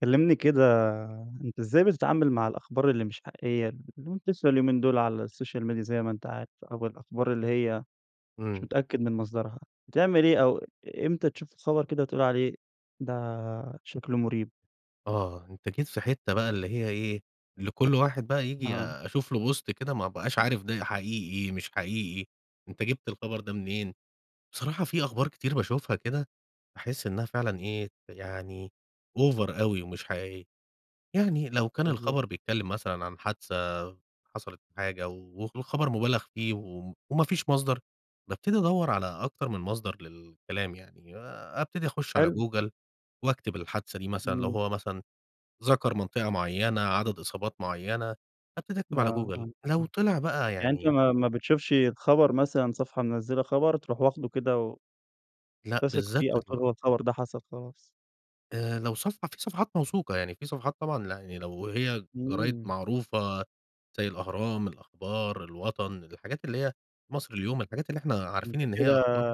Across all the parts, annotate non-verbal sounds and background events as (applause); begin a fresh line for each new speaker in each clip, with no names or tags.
كلّمني كده، أنت إزاي بتتعامل مع الأخبار اللي مش حقيقية، المنتشرة اليومين دول على السوشيال ميديا زيّ ما أنت عارف، أو الأخبار اللي هي مش
إمم.
متأكد من مصدرها، بتعمل إيه أو إ إمتى تشوف الخبر كده تقول عليه ده شكله مريب؟
آه، أنت جيت في حتة بقى اللي هي إيه، اللي كل واحد بقى ييجي
آه.
أشوف له بوست كده ما ابقاش عارف ده حقيقي، مش حقيقي، أنت جِبت الخبر ده منين، بصراحة في أخبار كتير باشوفها كده، أحس إنها فعلًا إيه، يعني أوفر أوي ومش حقيقية. يعني لو كان
بالضبط.
الخبر بيتكلِّم مثلًا عن حادثة حصلت حاجة و والخبر مُبالغ فيه و وما فيش مصدر، بابتدي أدوَّر على أكتر من مصدر للكلام، يعني أبتدي أخُشّ على
حلو.
جوجل، وأكتب الحادثة دي مثلًا لو
إمم.
هو مثلًا ذَكَر منطقة معيّنة، عدد إصابات معيّنة، حتى تكتب
آه،
على جوجل،
آه، آه،
لو طلع بقى
يعني أنت
يعني
ما ما بتشوفش الخبر، مثلًا صفحة منزِّلة خبر، ترُوح واخده كده و
لأ،
تثق فيه
بالذات
أو تقول
ال
هو الخبر ده حصل خلاص؟
آآ، لو صفحة في صفحات موثوقة يعني، في صفحات طبعًا لأ، يعني لو هي جرايد
إمم.
معروفة زيّ الأهرام، الأخبار، الوطن، الحاجات اللي هي المصري اليوم، الحاجات اللي إحنا
أنت
عارفين إن هي
كده
أخبار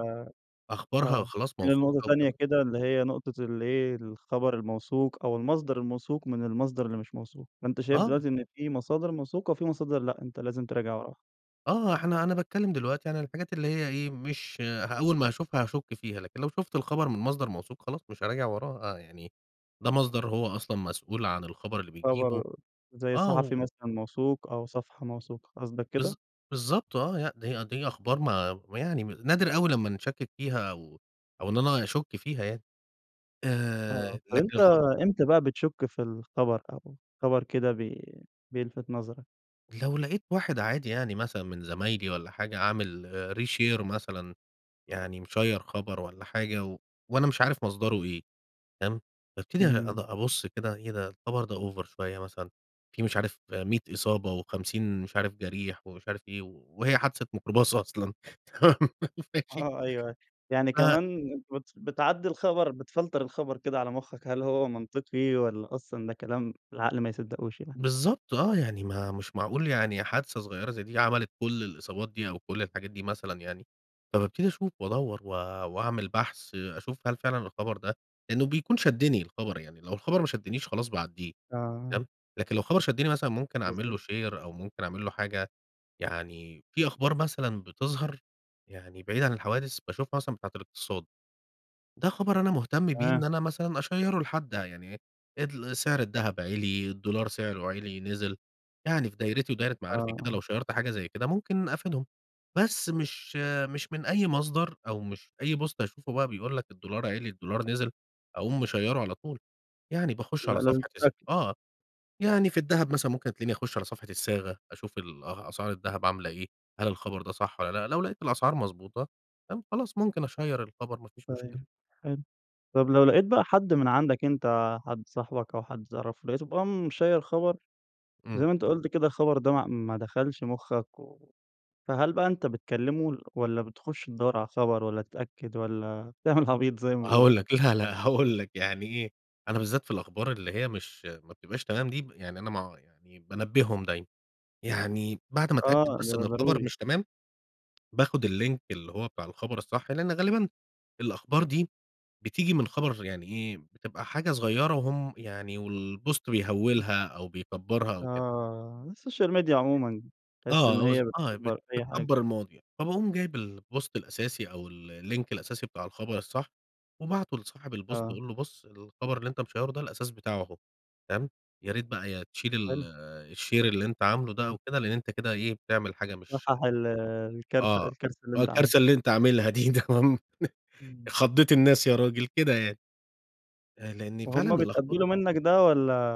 أخبارها
آه، بس
وخلاص
في نقطة
موثوقة
تانية
وتمام.
كده، اللي هي نقطة اللي إيه، الخبر الموثوق أو المصدر الموثوق من المصدر اللي مش موثوق، فأنت شايف
آه.
دلوقتي إن في مصادر موثوقة وفي مصادر لأ، أنت لازم تراجع وراها.
آه. إحنا أنا باتكلّم دلوقتي عن الحاجات اللي هي إيه، مش ه أول ما هاشوفها هاشُك فيها. لكن لو شُفت الخبر من مصدر موثوق خلاص مش هاراجع وراه. آه يعني ده مصدر هو أصلًا مسؤول عن الخبر اللي بيجيبه
خبر، زي
آه،
صحفي
و
مثلًا موثوق أو صفحة موثوقة قصدك
بالض
كده؟
بالضبط آه. لأ، دي دي أخبار ما ويعني م نادر أوي لمّا نشكِّك فيها أو أو إن أنا أشُك فيها يعني.
آه
آآ
.طب
لكن
أنت
الخ
إمتى بقى بتشُك في الخبر، أو الخبر كده بي بيلفِت نَظَرك؟
لو لقيت واحد عادي يعني مثلًا من زمايلي والّا حاجة عامل reshare مثلًا. يعني مشيّر خبر والّا حاجة و وأنا مش عارف مصدره إيه، تمام. بأبتدي أد
إمم.
أبُص كده، إيه ده الخبر ده أوفر شويّة مثلًا. في مش عارف 100 إصابة و50 مش عارف جَرِيح ومش عارف إيه و وهي حادثة ميكروباص أصلًا تمام (giggles) ماشي؟
آه أيوه، أيوه. يعني
ف
كمان أنت بت بتعدّي الخبر بتفلتر الخبر كده على مُخّك، هل هو منطقي والّا أصلًا ده كلام العقل ما يصدّقوش يعني؟
بالضبط آه. يعني ما مش معقول يعني حادثة صغيرة زي دي عملت كل الإصابات دي أو كل الحاجات دي مثلًا يعني. فبابتدي أشوف وأدوّر و وأعمل بحث أشوف هل فعلًا الخبر ده لإنّه بيكون شدّني الخبر. يعني لو الخبر ما شدّنيش خلاص باعدّيه
آه.
تمام؟ لكن لو خبر شدّني مثلًا ممكن أعمل
بالضبط.
له شير أو ممكن أعمل له حاجة. يعني في أخبار مثلًا بتظهر يعني بعيدة عن الحوادث باشوفها مثلًا بتاعة الاقتصاد. ده خبر أنا مهتم بيه إن
تمام.
أنا مثلًا أشيّره لحد ده يعني إيه، إدل سعر الدهب عِلِي، الدولار سعره عِلِي، نزل. يعني في دايرتي ودايرة
آه،
معارفي كده
آه.
لو شيّرت حاجة زي كده ممكن أفيدهم. بس مش مش من أي مصدر أو مش أي بوست أشوفه بقى بيقول لك الدولار عِلِي، الدولار نزل أقوم مشيّره على طول. يعني باخُش
لأ
على
لازم
صفحة الس
تتأكد.
آه. يعني في الدهب مثلًا ممكن تلاقيني أخُش على صفحة الصاغة، أشوف ال أ أسعار الدهب عاملة إيه، هل الخبر ده صح والّا لأ؟ لو لقيت الأسعار مضبوطة فاهم؟ خلاص ممكن أشيّر الخبر ما فيش مشكلة.
طيب حلو. طب لو لقيت بقى حد من عندك أنت حد صاحبك أو حد تعرفه، لقيته بقي مشيّر خبر- زي
إمم.
ما أنت قُلت كده- الخبر ده ما ما دخلش مُخّك و فهل بقى أنت بتكلّمه ل والّا بتخُش تدوّر على الخبر والّا تتأكد والّا تعمل عبيط زي ما بيقولوا؟
هاقول لك. لا، لا هاقول لك يعني إيه، أنا بالذات في الأخبار اللي هي مش ما بتبقاش تمام دي، يعني أنا ما يعني بانبّهم دايمًا. يعني بعد ما أتأكد
آه،
بس إن
ده
الخبر
ضروري.
مش تمام، باخُد اللينك اللي هو بتاع الخبر الصح لإن غالبًا الأخبار دي بتيجي من خبر يعني إيه، بتبقى حاجة صغيرة وهم يعني والبوست
(unintelligible)
بيهوِّلها أو بيكبَّرها أو كده.
آه. السوشيال ميديا عمومًا، تحس إن
آه. هُز
هي
آه. بت
بتكبّر أي حاجة.
بتكبّر المواضيع. فباقوم جايب البوست الأساسي أو ال اللينك الأساسي بتاع الخبر الصح، وباعته لصاحب البوست
آه.
أقول له بُص الخبر اللي أنت مشيّره ده الأساس بتاعه أهو فاهم؟ يا ريت بقى يا تشيل ال
حلو.
الشير اللي أنت عامله ده أو كده، لإن أنت كده إيه، بتعمل حاجة مش
تصحّح ال الكارثة،
آه.
الكارثة اللي
آه.
أنت
الكارثة
عملتها.
اللي أنت عاملها دي تمام؟
إمم.
خضّيت الناس يا راجل، كده يعني. آآ، لإن فعلًا
وهم
الأخب
بيتقبِّلوا منّك ده والّا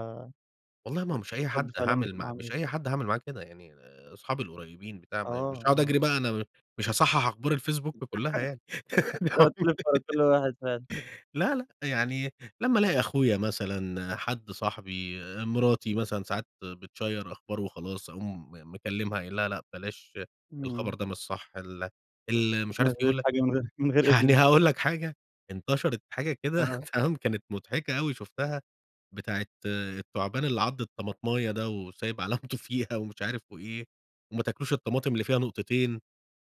والله ما هو مش
بتشوف
أي
رد
حد
فعلهم
هاعمل
بتبقى
معاه،
عاملة
مش أي
ازاي؟
حد هاعمل معاه كده. يعني اصحابي القريبين بتاع م مش
آه،
هاقعد
آه.
أجري بقى أنا م مش هاصحّح أخبار الفيسبوك
(unintelligible)
كُلّها يعني.
تقعد تِلِف ورا كل
(unintelligible) (giggles)
واحد فعلًا.
لا، لأ. يعني لمّا ألاقي أخويا مثلًا، حد صاحبي، مراتي مثلًا ساعات بتشيّر أخبار وخلاص، أقوم مكلّمها قايل لها لأ بلاش
إمم.
الخبر ده مش صح ال ال مش عارف
نزِّلت
يقول لك
حاجة من غير من غير
يعني
إذني.
هاقول لك حاجة انتشرت حاجة كده
آه.
تمام؟ كانت مضحكة أوي شُفتها بتاعة التعبان اللي عَض الطمطماية ده وسايب علامته فيها ومش عارف وإيه. وما تاكلوش الطماطم اللي فيها نقطتين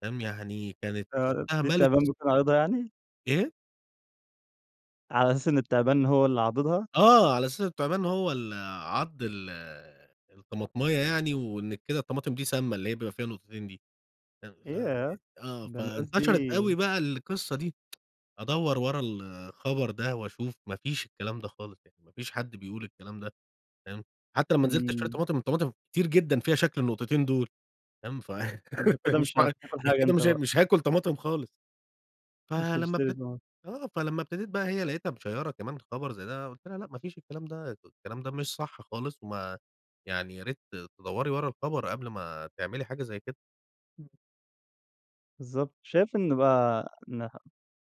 تمام، يعني كانت
فعلًا
شُفتها
دي
مَلِت الس
التعبان بتكون عريضة يعني؟
إيه؟
على أساس إن التِّعبان هو اللي عاضِضها؟
آه، على أساس التِّعبَان هو ال عَضّ ال الطَّماطماية يعني، وإن كده الطَّماطم دي سَامَّة، اللي هي بيبقى فيها نُقطتين دي، أ ف
ياه!
آه،
ده الناس
فانتشرت أوي
دي
بقى القصَّة دي. (tsk) أدور ورا الخبر ده وأشوف، ما فيش الكلام ده خالص يعني، ما فيش حد بيقول الكلام ده، فاهم؟ حتّى لمّا نزلت أشتري
إمم.
طماطم، الطَّماطم كتير جدًا فيها شكل النُّقطتين دُول، فاهم؟
أنت
(laughs) في ف
كدة
مش
مش
مع
هتاكل حاجة
كده
أنت
مش
بقى.
مش هاكُل طماطم خالص.
مش
فلمَّا
هتشتري
ابتد
طبعًا.
آه، فلمَّا ابتديت بقى هي لقيتها مشَيَّرَة كمان خبر زي ده، قُلت لها: "لأ، ما فيش الكلام ده، (unintelligible) الكلام ده مش صح خالص، وما يعني يا ريت ت تدوَّري ورا الخبر، قبل ما تعملي حاجة زي كده."
إمم. بالضبط، شايف إنّ بقى إنها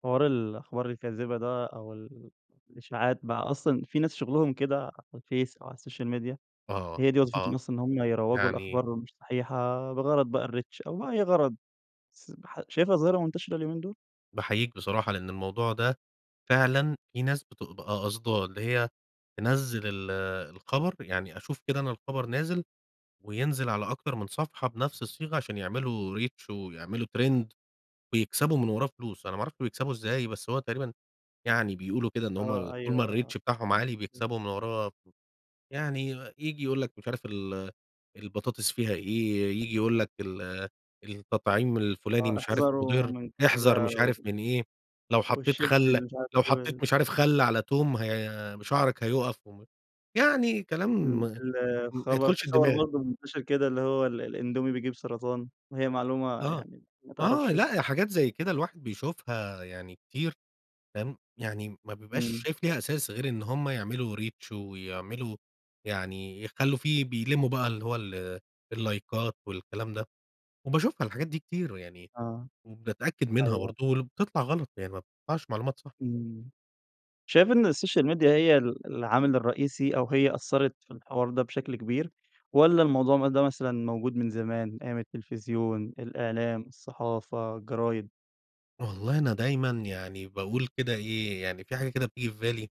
حوار ال الأخبار الكاذبة ده، أو ال الإشاعات بقى، أصلًا في ناس شُّغلهُم كده على الفيس أو على السوشيال ميديا
آه،
هي دي وظيفتهم
آه،
أصلًا إن هُم يروّجوا
يعني
الأخبار مش صحيحة، بغرض بقى الrReach أو بأي غرض، س ح شايفها ظاهرة مُنتشرة اليومين دول؟
باحيِّيك بصراحة، لإن الموضوع ده فعلًا في ناس بتبقى أ قصداه، اللي هي تنزل ال الخبر يعني أشوف كده أنا الخبر نازل، وينزل على أكتر من صفحة بنفس الصِّيغة، عشان يعملوا Reach ويعملوا Trend ويكسبوا من وراه فلوس، أنا ما أعرفش بيكسبوا إزَّاي، بس هو تقريبًا يعني بيقولوا كده، إن هُم
آه،
طول ما
أيوه، آه،
الReach بتاعهم عالي
امم.
بيكسبوا من وراه، يعني ييجي يقول لك مش عارف ال البطاطس فيها إيه، ييجي يقول لك ال التَّطعيم الفُلاني
آه،
مش عارف
أحذروا
مُضرّ،
من
احذر
كذا
مش
و
عارف من إيه، لو حَطَّيت
والشيبسي
خَلّ
اللي مش عارف
لو
إيه،
حَطَّيت
وال
مش عارف خَلَّ على تُوم ه شعرك هيوقَّف وم يعني كلام
آمم،
ما
ال
ما
الخبر في
يدخُلش
خبر
الدِّمَاغ.
برضو مُنتشر كده، اللي هو ال الأندومي بيجيب سرطان، وهي معلومة
آه،
يعني ما
آه
تعرفش
لأ، هي
صِحِّتها.
حاجات زي كده الواحد بيشوفها يعني كتير، فاهم؟ يعني ما بيبقاش
إمم.
شايف ليها أساس، غير إن هُم يعملوا Reach ويعملوا يعني يخلّوا فيه بيلموا بقى اللي هو ال اللَّايكات والكلام ده، وباشوفها الحاجات دي كتير، ويعني
آه،
باتأكّد منها
أيوه.
برضو، ول بتطلع غلط، يعني ما بتطلعش معلومات صح.
إمم، شايف إن السوشيال ميديا هي ال العامل الرئيسي أو هي أثرت في الحوار ده بشكل كبير، والّا الموضوع مد ده مثلًا موجود من زمان، أيام التِّلفزيُون، الإعلام، الصَّحافة، الجرايد؟
والله أنا دايمًا يعني باقول كده إيه، يعني في حاجة كده بتيجي في بالي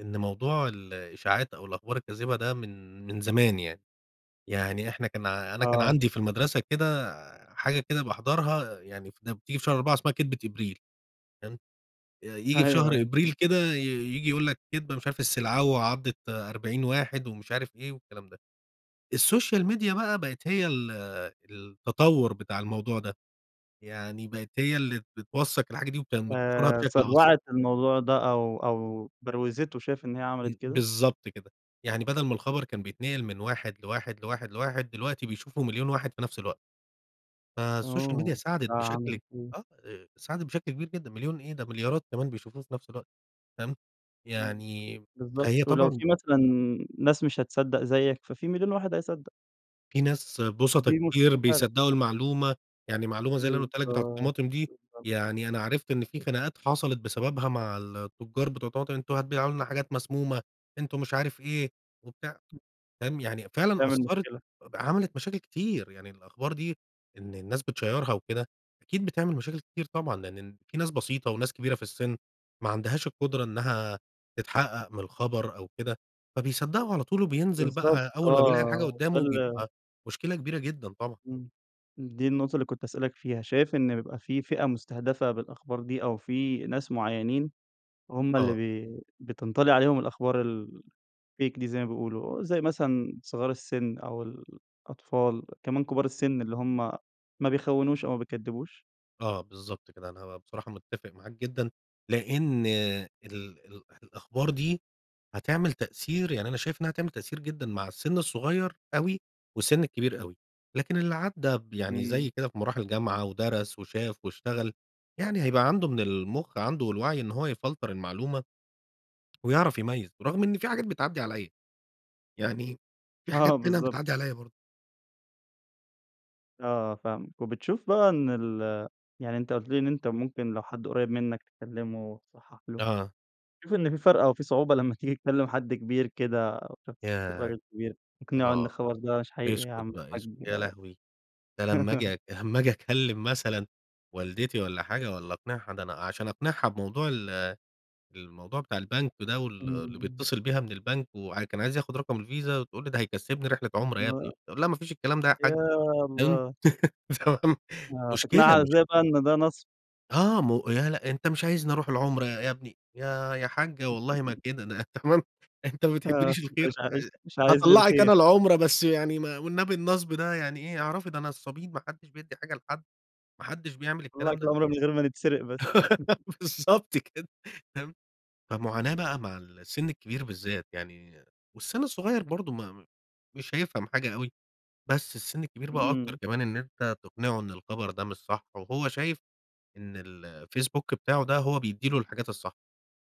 إن موضوع
(unintelligible)
الإشاعات أو الأخبار الكاذبة ده من من زمان يعني، يعني إحنا كان ع أنا كان
آه.
عندي في المدرسة كده حاجة كده باحضرها، يعني ف لما بتيجي في شهر 4 اسمها كدبة إبريل، تمام، ي ييجي في
أيوه،
شهر
أيوه. امم.
أبريل كده ي ييجي يقول لك كدبة، مش عارف السلعوة عضت 40 واحد ومش عارف إيه والكلام ده، السوشيال ميديا بقى بقت هي ال التطوّر بتاع الموضوع ده، يعني بقت هي اللي بتوثق الحاجة دي وبت وبتنشرها
آآ،
بشكل أسرع.
سَرعت الموضوع ده أو أو بروزته، شايف إن هي عملت
إمم،
كده؟
بالضبط كده، يعني بدل ما الخبر كان بيتنقل من واحد لواحد، لواحد، لواحد، دلوقتي بيشوفه مليون واحد في نفس الوقت، فالسوشيال ميديا
آوه!
ساعدت بشكل
فعملت إيه؟
آه إي ساعدت بشكل كبير جدًا، مليون إيه! ده مليارات كمان بيشوفوه في نفس الوقت، فاهم،
امم،
يعني
بالضبط،
فهي
ولو
طبعًا
في مثلًا ناس مش هتصدق زيك، ففي مليون واحد هيصدق.
في ناس بُسطَا
ودي
كتير
مشكلة فعلًا.
بيصدقوا المعلومة، يعني معلومة زي اللي أنا قولتها لك بتاعة
بالضبط،
الطماطم دي،
بالضبط.
يعني أنا عرفت إن في خناقات حصلت بسببها مع التجار بتوع الطماطم. "أنتم هتبيعوا لنا حاجات مسمومة، أنتم مش عارف إيه." وبتاع،
(unintelligible)
فاهم، يعني فعلًا
بتعمل
أثرت
مشكلة.
إب عملت مشاكل كتير، يعني الأخبار دي إن الناس بتشيرها وكده أكيد بتعمل مشاكل كتير طبعًا، لإن الن في ناس بسيطة وناس كبيرة في السن ما عندهاش القدرة إنّها تتحقق من الخبر أو كده، فبيصدقوا على طول وبينزل
بالضبط
بقى أوّل ما بيلاقي الحاجة
آه،
قدامه
تخل
بيبقى مشكلة كبيرة جدًا طبعًا.
امم، دي النقطة اللي كنت هاسألك فيها، شايف إن بيبقى في فئة مستهدفة بالأخبار دي أو في ناس معينين هُم اللي
آه.
بي بتنطلي عليهم الأخبار الfake دي، زي ما بيقولوا، زي مثلًا صغار السن أو الأطفال كمان كبار السن اللي هُم ما بيخوِّنوش أو ما بيكدِّبوش؟
آه، بالضبط كده، أنا بصراحة متّفق معاك جدًا لإن ال الأح الأخبار دي هتعمل تأثير، يعني أنا شايف إنّها هتعمل تأثير جدًا مع السن الصغيّر أوي والسن الكبير أوي، لكن اللي عدّى ب يعني
إمم.
زيي كده بمراحل جامعة ودرس وشاف واشتغل يعني هيبقى عنده من المخ عنده والوعي إن هو يفلتر المعلومة ويعرف يميز برغم إن في حاجات بتعدي عليَّ، يعني في حاجات
آه.
تانية
بالضبط.
بتعدي عليَّ برضو.
آه، فاهمك. وبتشوف بقى إن ال يعني أنت قلت لي، إن أنت ممكن لو حد قريب منّك تكلمه، تصحح له،
أها.
بتشوف إنّه في فرق أو في صعوبة لمّا تيجي تكلم حد كبير كده أو شخص
ياه!
راجل كبيرتقنعه إن
أها،
الخبر ده مش حقيقي يا
اسكت
عم
بقى، اسكت،
الحج؟
يا لهوي! ده لمّا آجي
(laughs)
أك لما آجي أكلم مثلًا والدتي والّا حاجة والّا أقنعها ده أنا عشان أقنعها بموضوع ال الموضوع بتاع البنك ده وال اللي
إمم.
بيتصل بيها من البنك، وع و كان عايز ياخد رقم الفيزا وتقول لي: "ده هيكسبني رحلة عمرة يا
ما
ابني"، اقول لها: "ما فيش الكلام ده يا
يا
حاجة" فاهم،
الله!
تمام،
آه،
مشكلة
تقنعها
مش
إزاي بقى إن ده نصب؟
آه، مو لأ، لأ "أنت مش عايزني أروح العمرة ي يا ابني." "يا يا حاجة والله ما كده، ده"
(laughs)
تمام، "أنت ما
آه،
بتحبليش
مش
الخير؟!"
عايز
آآ،
مش عايز لي
"هاطلّعك
الخير.
أنا العمرة بس يعني ما والنبي النصب ده يعني إيه؟ اعرفي ده نصابين، ما حدش بيدّي حاجة لحد، ما حدش بيعمل الكلام
اطلّعِك
ده."
العمرة من غير ما نتسرق بس. (chuckles)
(laughs) بالضبط كده، فاهم. فمعاناة بقى مع السن الكبير بالذات يعني والسن الصغيّر برضو ما مش هيفهم حاجة أوي، بس السن الكبير بقى أكتر
إمم.
كمان إن أنت تقنعه إن الخبر ده مش صح، وهو شايف إن ال الفيسبوك بتاعه ده هو بيدّي له الحاجات الصح،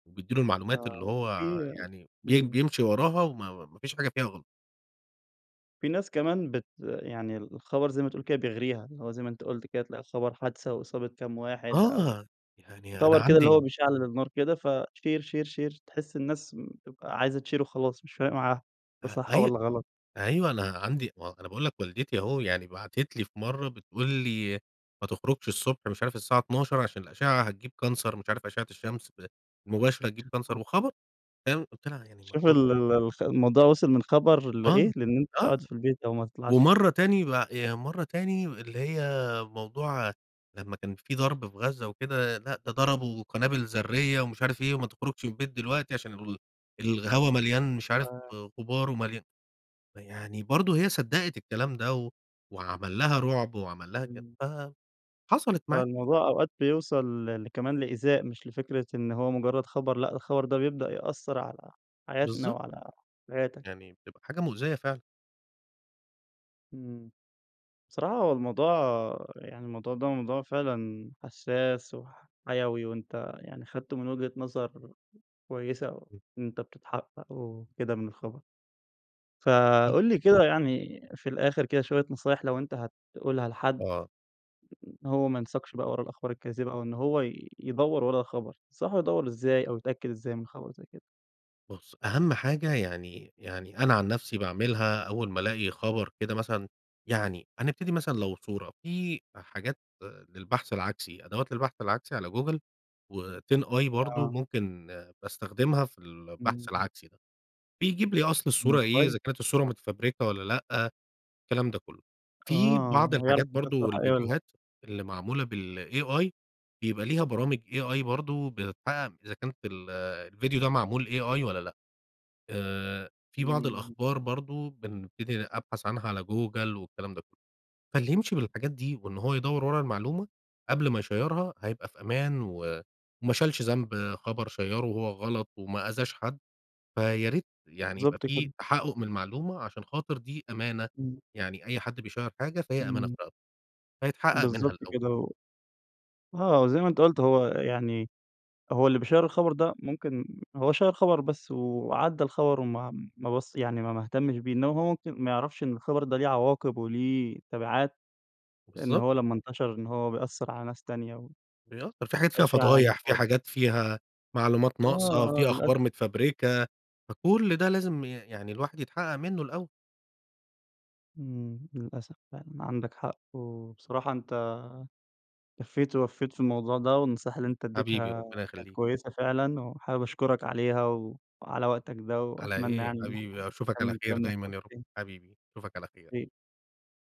وبيدّي له المعلومات اللي
آه،
هو
وفي
يعني بي
إمم.
بيمشي وراها وما ما فيش حاجة فيها غلط.
في ناس كمان بت يعني الخبر زي ما تقول بيغريها، اللي هو زي ما أنت قُلت كده، تلاقي خبر حادثة وإصابة كام واحد أو،
آه، يعني أنا
خبر كده اللي هو
عندي
بيشعلل النار كده فShare، Share، Share، تحس الناس م تبقى عايزة تShare وخلاص، مش فارق معاها، ده
أ
صح
أي
والّا غلط.
أيوه، أنا عندي ما هو أنا باقول لك والدتي أهو، يعني بعتت لي في مَرّة، بتقول لي: "ما تخرجش الصبح، مش عارف الساعة 12:00 عشان الأشعة هتجيب Cancer مش عارف أشعة الشمس ز المباشرة هتجيب Cancer."
(unintelligible)
وخبر "فاهم؟ قُلت لها: "يعني ما
شوف
اخرجش؟"
ال ال الخ الموضوع وصل من خبر لإيه؟
آه،
لإن أنت
آه،
تقعد في البيت أو ما تطلعش.
ومَرّة تاني ب يعني مَرّة تاني اللي هي موضوع، لمّا كان في ضرب في غزة وكده، لأ، ده ضربوا قنابل ذرية ومش عارف إيه وما تخرجش من البيت دلوقتي عشان ال الهوا مليان مش عارف
يبقى
غبار ومليا ما يعني برضو هي صدّقِت الكلام ده، و وعمل لها رعب، وعمل لها كده،
إمم.
ف حصَلِت معايا.
فالموضوع أوقات بيوصل ل لكمان لإيذاء، مش لفكرة إن هو مجرّد خبر، لأ، ده الخبر ده بيبدأ يأثّر على حياتنا،
بالضبط.
وعلى حياتك.
يعني، بتبقى حاجة مؤذية فعلًا.
إمم. بصراحة هو الموضوع يعني الموضوع ده موضوع فعلًا حساس وح حيوي، وأنت يعني خدته من وجهة نظر كويسة
امم.
وأنت بتتحقق وكده من الخبر.
أكيد.
فَقُل لي كده، يعني في الآخر كده شوية نصايح لو أنت هتقولها لحد،
آه.
إن هو ما ينساقش بقى ورا الأخبار الكاذبة أو إن هو يدور ورا الخبر، تنصحه يدور إزاي أو يتأكد إزاي من خبر زي كده؟
بُص، أهم حاجة يعني يعني أنا عن نفسي باعملها أول ما الاقي خبر كده مثلًا يعني هنبتدي مثلًا لو صورة، في حاجات للبحث العكسي، أدوات للبحث العكسي على جوجل وTinEye برضو
آه.
ممكن باستخدمها في البحث
إمم، امم.
العكسي ده، بيجيب لي أصل
امم
الصورة إيه،
كويس.
إذا كانت الصورة متفبركة والّا لأ، الكلام ده كله. في
آه،
بعض
ويعرف إذا
الحاجات
كانت الصورة
برضو،
حقيقية والّا لأ.
الفيديوهات اللي معمولة بالAI بيبقى ليها برامج AI برضو بتتحقق إذا كانت ال آآ، الفيديو ده معمول AI والّا لأ. آآ، في بعض
إمم.
الأخبار برضو، بنبتدي أبحث عنها على جوجل والكلام ده كله. فاللي يمشي بالحاجات دي وإن هو يدور ورا المعلومة قبل ما يشيرها هيبقى في أمان و وما شالش ذنب خبر شيّره وهو غلط وما أذاش حد، فياريت يعني يبقى
بالضبط
في
كده.
تحقق من المعلومة؛ عشان خاطر دي أمانة،
امم.
يعني أي حد بيشيّر حاجة فهي أمانة في
امم.
رقبته، فيتحقق منها
بالضبط
الأول.
كده و آه، زي ما أنت قُلت هو يعني، هو اللي بيشيّر الخبر ده، ممكن هو شيّر خبر بس وعدى الخبر، وما ما بص يعني ما ما اهتمش بيه، إنما هو ممكن ما يعرفش إن الخبر ده ليه عواقب وليه تبعات، إن
بالضبط.
هو لما انتشر إن هو بيأثر على ناس تانية
ي آه، في حاجات فيها
وإشاعة يعني
فضايح، في
(unintelligible)
حاجات فيها معلومات
آه،
ناقصة،
آه
في أخبار
للأسف.
متفبركة، فكل ده لازم ي يعني الواحد يتحقق منه الأول.
امم، للأسف فعلًا عندك حق، وبصراحة أنت كفّيت ووفّيت في الموضوع ده، والنصيحة اللي أنت
حبيبي،
اديتها
ربنا
كانت
يخليك.
كويسة فعلًا، وحابب أشكرك عليها وعلى وقتك ده
على
وأتمنى
إيه؟
يعني إن إحنا
حبيبي أشوفك على
نكمل
خير
كلامنا في
دايمًا
وقت
يا رب،
تاني.
حبيبي، أشوفك على خير.
أكيد.